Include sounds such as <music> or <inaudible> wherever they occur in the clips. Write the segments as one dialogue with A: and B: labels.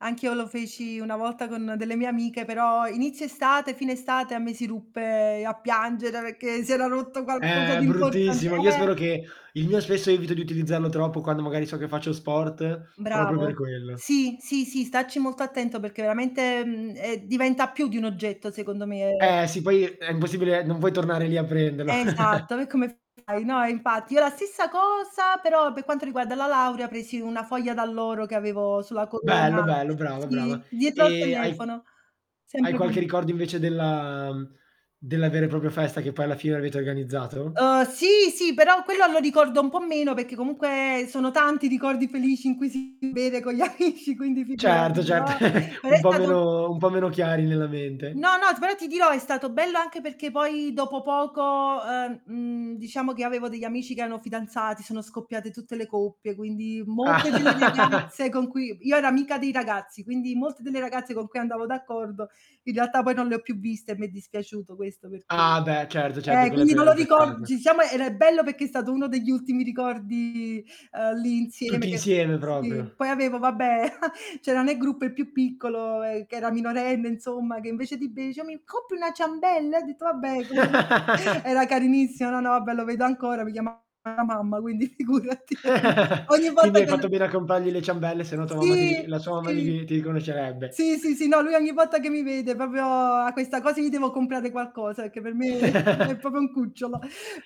A: Anch'io lo feci una volta con delle mie amiche, però inizio estate fine estate, a me si ruppe a piangere, perché si era rotto qualcosa
B: Eh,
A: di importan
B: bruttissimo. Io
A: eh
B: spero che il mio, spesso, evito di utilizzarlo troppo quando, magari, so che faccio sport proprio per
A: Bravo.
B: quello.
A: Sì, sì, sì, stacci molto attento, perché veramente, mhmm, ehm diventa più di un oggetto secondo me, ehm
B: Eh, sì. Poi è impossibile, non puoi tornare lì, a prenderlo. <chuckles>
A: Esatto, e come fai, no, eh, infatti. Io la stessa cosa, però per quanto riguarda la laurea presi una foglia d'alloro che avevo sulla
B: Bello,
A: corona
B: bello, brava, brava.
A: sì, dietro al
B: E hai
A: telefono.
B: hai
A: Sempre
B: qualche
A: con
B: ricordo invece della uhm, della vera e propria festa che poi alla fine avete organizzato?
A: Uhm, sì, sì, però quello lo ricordo un po' meno, perché comunque sono tanti i ricordi felici in cui si beve con gli amici, quindi figurati,
B: Certo, cert
A: però
B: <chuckles>
A: però
B: Un
A: è
B: po'
A: stato
B: meno un po' meno chiari nella mente.
A: No, no, t però ti dirò, è stato bello anche perché poi dopo poco, ehm, mhmm, diciamo che io avevo degli amici che erano fidanzati, sono scoppiate tutte le coppie, quindi molte delle
B: Ah. <laughs>
A: ragazze con cui io ero amica dei ragazzi, quindi molte delle ragazze con cui andavo d'accordo in realtà poi non le ho più viste e m'è dispiaciuto questo, per dire
B: Ah, beh, certo, certo,
A: eh,
B: quella è
A: quindi
B: pe
A: non
B: è
A: lo
B: un
A: ricor
B: peccato.
A: ci siamo era ehm, bello perché è stato uno degli ultimi ricordi, ehm, lì insieme
B: Tutti
A: che
B: insieme
A: sì,
B: proprio.
A: poi avevo vabbè, <chuckles> c'era ne gruppo il più piccolo, ehm, che era minorenne, insomma, che invece di be dice: "Mi coppi una ciambella?" E ho detto: "Vabbè, con ven" <chuckles>
B: <laughs>
A: era carinissimo, no, no, vabbè, lo vedo ancora, mi chiama la mamma, quindi figurati. <unintelligible> Ogni
B: <laughs> Quindi
A: volta
B: hai
A: che lo
B: fatto bene a comprargli le ciambelle se no tua mamma ti
A: Sì,
B: ri la sua mamma
A: sì.
B: gli ti riconoscerebbe.
A: Sì, sì, sì no, lui ogni volta che mi vede, proprio, ha questa cosa gli devo comprare qualcosa, perché per me, sì, è
B: <giggles>
A: proprio un cucciolo.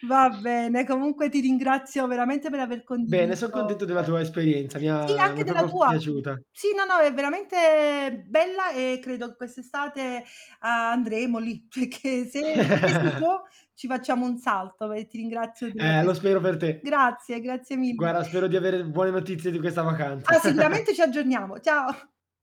A: Va bene, comunque ti ringrazio veramente per aver
B: Bene,
A: condiviso
B: son contento della
A: <tsk>
B: tua esperienza, mi
A: sì,
B: ha mi
A: anche
B: ha
A: della
B: proprio
A: tua.
B: piaciuta.
A: Sì no, no, è veramente bella e credo quest'estate, andremo lì, perché se se si
B: <giggles>
A: può ci facciamo un salto e ti ringrazio della
B: Eh,
A: tua
B: lo spero
A: esperienza.
B: per te.
A: Grazie, grazie mille.
B: Guarda, spero di avere buone notizie di questa vacanza.
A: Ah,
B: <chuckles>
A: sicuramente ci aggiorniamo. Ciao! <chuckles>